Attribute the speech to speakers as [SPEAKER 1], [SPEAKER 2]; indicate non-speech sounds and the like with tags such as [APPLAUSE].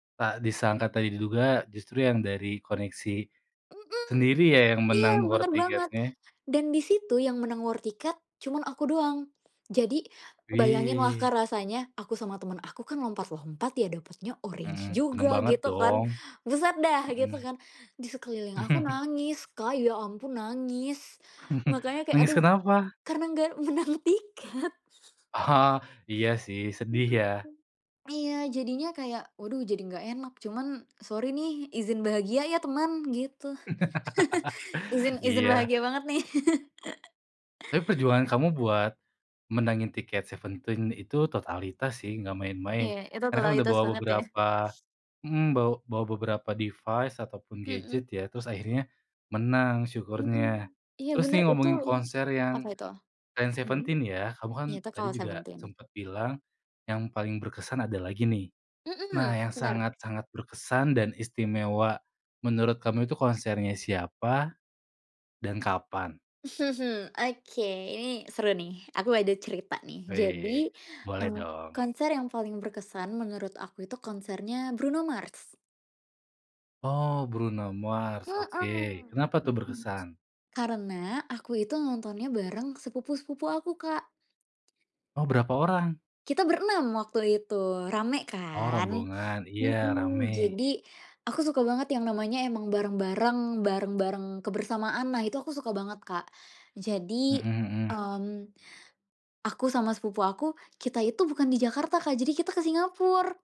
[SPEAKER 1] Tak disangka,
[SPEAKER 2] Mhm.
[SPEAKER 1] tak diduga, justru yang dari koneksi
[SPEAKER 2] Mhm.
[SPEAKER 1] sendiri ya yang
[SPEAKER 2] Iya,
[SPEAKER 1] menang war
[SPEAKER 2] benar banget.
[SPEAKER 1] tiketnya.
[SPEAKER 2] Dan di situ yang menang war tiket cuma aku doang. Jadi bayanginlah,
[SPEAKER 1] Wih.
[SPEAKER 2] Kak, rasanya. Aku sama teman aku kan lompat-lompat ya, dapatnya
[SPEAKER 1] Mhm.
[SPEAKER 2] orange
[SPEAKER 1] Senang
[SPEAKER 2] juga
[SPEAKER 1] banget
[SPEAKER 2] gitu kan.
[SPEAKER 1] dong.
[SPEAKER 2] Buset deh gitu
[SPEAKER 1] Mhm.
[SPEAKER 2] kan. Di sekeliling aku
[SPEAKER 1] [CHUCKLES]
[SPEAKER 2] nangis, Kak, ya ampun nangis.
[SPEAKER 1] [CHUCKLES]
[SPEAKER 2] Makanya kayak,
[SPEAKER 1] Nangis
[SPEAKER 2] aduh,
[SPEAKER 1] kenapa?
[SPEAKER 2] karena nggak menang tiket.
[SPEAKER 1] Oh. Iya sih sedih
[SPEAKER 2] Mhm,
[SPEAKER 1] ya.
[SPEAKER 2] mmm. Iya jadinya kayak, waduh, jadi nggak enak cuma, sorry nih izin bahagia ya teman, gitu. [CHUCKLES] Izin
[SPEAKER 1] [LAUGHS]
[SPEAKER 2] izin
[SPEAKER 1] Iya.
[SPEAKER 2] bahagia banget nih. [CHUCKLES]
[SPEAKER 1] Tapi perjuangan kamu buat menangin tiket Seventeen itu totalitas sih, nggak main-main.
[SPEAKER 2] Iya itu
[SPEAKER 1] Karena kan udah
[SPEAKER 2] totalitas
[SPEAKER 1] bawa
[SPEAKER 2] banget ya.
[SPEAKER 1] beberapa mmm, bawa bawa beberapa device ataupun
[SPEAKER 2] Mhm.
[SPEAKER 1] gadget ya, terus akhirnya menang syukurnya.
[SPEAKER 2] Mhm. Iya
[SPEAKER 1] Terus
[SPEAKER 2] bener
[SPEAKER 1] nih
[SPEAKER 2] itu
[SPEAKER 1] ngomongin konser
[SPEAKER 2] apa
[SPEAKER 1] yang
[SPEAKER 2] itu?
[SPEAKER 1] selain
[SPEAKER 2] Mhm.
[SPEAKER 1] Seventeen ya, kamu kan
[SPEAKER 2] Iya itu
[SPEAKER 1] tadi
[SPEAKER 2] kalau
[SPEAKER 1] juga
[SPEAKER 2] Seventeen.
[SPEAKER 1] sempat bilang yang paling berkesan ada lagi nih.
[SPEAKER 2] Mhm,
[SPEAKER 1] Nah, yang
[SPEAKER 2] benar.
[SPEAKER 1] sangat-sangat berkesan dan istimewa menurut kamu itu konsernya siapa dan kapan?
[SPEAKER 2] [CHUCKLES] Oke, ini seru nih, aku ada cerita nih. Jadi,
[SPEAKER 1] Weh. Boleh
[SPEAKER 2] eee,
[SPEAKER 1] dong.
[SPEAKER 2] konser yang paling berkesan menurut aku itu konsernya Bruno Mars.
[SPEAKER 1] Oh, Bruno Mars, oke.
[SPEAKER 2] Mhm.
[SPEAKER 1] Kenapa tuh berkesan?
[SPEAKER 2] Karena aku itu nontonnya bareng sepupu-sepupu aku, Kak.
[SPEAKER 1] Oh, berapa orang?
[SPEAKER 2] Kita berenam waktu itu, ramai
[SPEAKER 1] Oh,
[SPEAKER 2] kan?
[SPEAKER 1] rombongan. Iya
[SPEAKER 2] Mhm.
[SPEAKER 1] ramai.
[SPEAKER 2] Jadi aku suka banget yang namanya emang bareng-bareng bareng-bareng kebersamaan lah. Itu aku suka banget, Kak. Jadi,
[SPEAKER 1] Mhm mhm.
[SPEAKER 2] mmm, aku sama sepupu aku, kita itu bukan di Jakarta, Kak. Jadi kita ke Singapura.